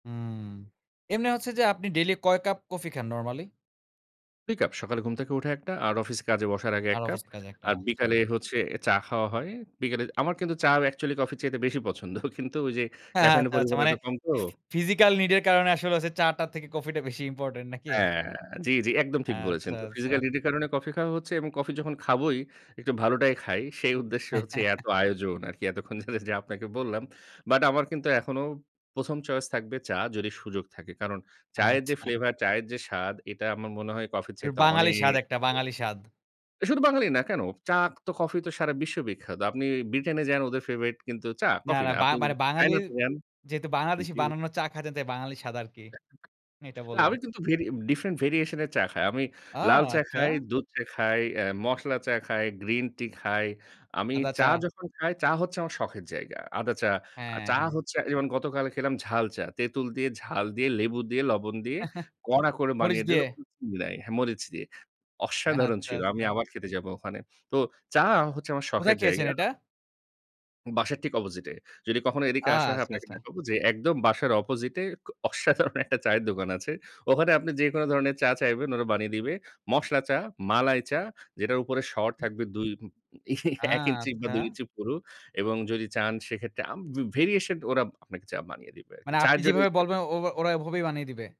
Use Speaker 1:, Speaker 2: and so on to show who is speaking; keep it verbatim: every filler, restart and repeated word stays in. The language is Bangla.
Speaker 1: উম এমনি হচ্ছে যে, আপনি daily কয় কাপ coffee খান normally?
Speaker 2: দুই কাপ। সকালে ঘুম থেকে উঠে একটা আর অফিসে কাজে বসার আগে এক
Speaker 1: আর
Speaker 2: কাপ।
Speaker 1: অফিসের কাজে একটা
Speaker 2: আর
Speaker 1: আচ্ছা।
Speaker 2: বিকালে হচ্ছে চা খাওয়া হয়। বিকেলে আমার কিন্তু চা ও actually কফির চাইতে বেশি পছন্দ। কিন্তু ওই যে, caffeine এর
Speaker 1: আচ্ছা, আচ্ছা।
Speaker 2: পরিমাণ
Speaker 1: মানে
Speaker 2: এত কম তো
Speaker 1: ফি physical need এর কারণে আসলে হচ্ছে চা টার থেকে কফিটা বেশি important নাকি?ট
Speaker 2: হ্যাঁ, জি, জি। একদম ঠিক বলেছেন।
Speaker 1: আচ্ছা,
Speaker 2: তো
Speaker 1: আচ্ছা।
Speaker 2: physical need এর কারণে কফি খাওয়া হচ্ছে এবং কফি যখন খাবোই একটু ভালোটাই খাই। সেই উদ্দেশ্যে হচ্ছে এত আয়োজন আরকি। এতক্ষণ ধরে যে, আপনাকে বললাম। But আমার কিন্তু এখনো প্রথম choice থাকবে চা, যদি সুযোগ থাকে। কারণ চায়ের যে,
Speaker 1: আচ্ছা।
Speaker 2: flavor, চায়ের যে স্বাদ এটা আমার মনে হয় কফির
Speaker 1: র
Speaker 2: চাইতে
Speaker 1: বাঙালি স্বাদ
Speaker 2: অনেক
Speaker 1: একটা, বাঙালি স্বাদ।
Speaker 2: [unintelligible] শুধু বাঙালি না কেন? চা তো কফি তো সারা বিশ্ব বিখ্যাত। আপনি ব্রিটেনে যান, ওদের favorite কিন্তু চা,
Speaker 1: না,
Speaker 2: কফি
Speaker 1: না
Speaker 2: না।
Speaker 1: বা
Speaker 2: আপনি
Speaker 1: মানে
Speaker 2: China
Speaker 1: বাঙালির
Speaker 2: তে যান
Speaker 1: যেহেতু বাংলাদেশি
Speaker 2: জি।
Speaker 1: বানানো চা খাচ্ছেন তাই বাঙালি স্বাদ আরকি।
Speaker 2: [unintelligible]
Speaker 1: এটা
Speaker 2: না
Speaker 1: বললাম।
Speaker 2: আমি কিন্তু ভেরি এ different variation এর চা খাই। আমি
Speaker 1: ও
Speaker 2: লাল চা খাই,
Speaker 1: আচ্ছা।
Speaker 2: দুধ চা খাই, অ্যা মশলা চা খাই, গ্রিন টি খাই। আমি
Speaker 1: আদা চা।
Speaker 2: চা যখন খাই, চা হচ্ছে আমার শখের জায়গা। আদা চা, আ
Speaker 1: হ্যাঁ,
Speaker 2: চা
Speaker 1: হ্যাঁ।
Speaker 2: হচ্ছে এই যেমন গতকাল খেলাম ঝাল চা। তেঁতুল দিয়ে, ঝাল দিয়ে, লেবু দিয়ে, লবণ দিয়ে কড়া করে
Speaker 1: মরিচ
Speaker 2: বানিয়ে দিল
Speaker 1: দিয়ে।
Speaker 2: [unintelligible] মিলায়ে। হ্যাঁ, মরিচ দিয়ে। অসাধারণ
Speaker 1: আচ্ছা,
Speaker 2: ছিল। আমি
Speaker 1: আচ্ছা।
Speaker 2: আবার খেতে যাব ওখানে। তো চা হচ্ছে আমার
Speaker 1: কোথায়
Speaker 2: শখের
Speaker 1: খেয়েছেন
Speaker 2: জায়গা।
Speaker 1: এটা?
Speaker 2: বাসার ঠিক opposite এ। যদি কখনো এদিকে
Speaker 1: আ
Speaker 2: আসা হয়
Speaker 1: আচ্ছা,
Speaker 2: আপনাকে
Speaker 1: আচ্ছা।
Speaker 2: দেখাবো যে, একদম বাসার opposite এ ক অসাধারণ একটা চায়ের দোকান আছে। ওখানে আপনি যেকোন ধরনের চা চাইবেন, ওরা বানিয়ে দিবে। মশলা চা, মালাই চা যেটার উপরে স্বর থাকবে দুই
Speaker 1: আ
Speaker 2: এক ইঞ্চি বা দুই
Speaker 1: আচ্ছা।
Speaker 2: ইঞ্চি পুরু। এবং যদি চান সেক্ষেত্রে আম বে variation টা ওরা আপনাকে চা বানিয়ে দিবে আরকি।
Speaker 1: মানে আপনি
Speaker 2: চায়ের জন্য
Speaker 1: যেভাবে
Speaker 2: special।
Speaker 1: বলবেন ওব ওরা এভাবেই বানিয়ে দিবে।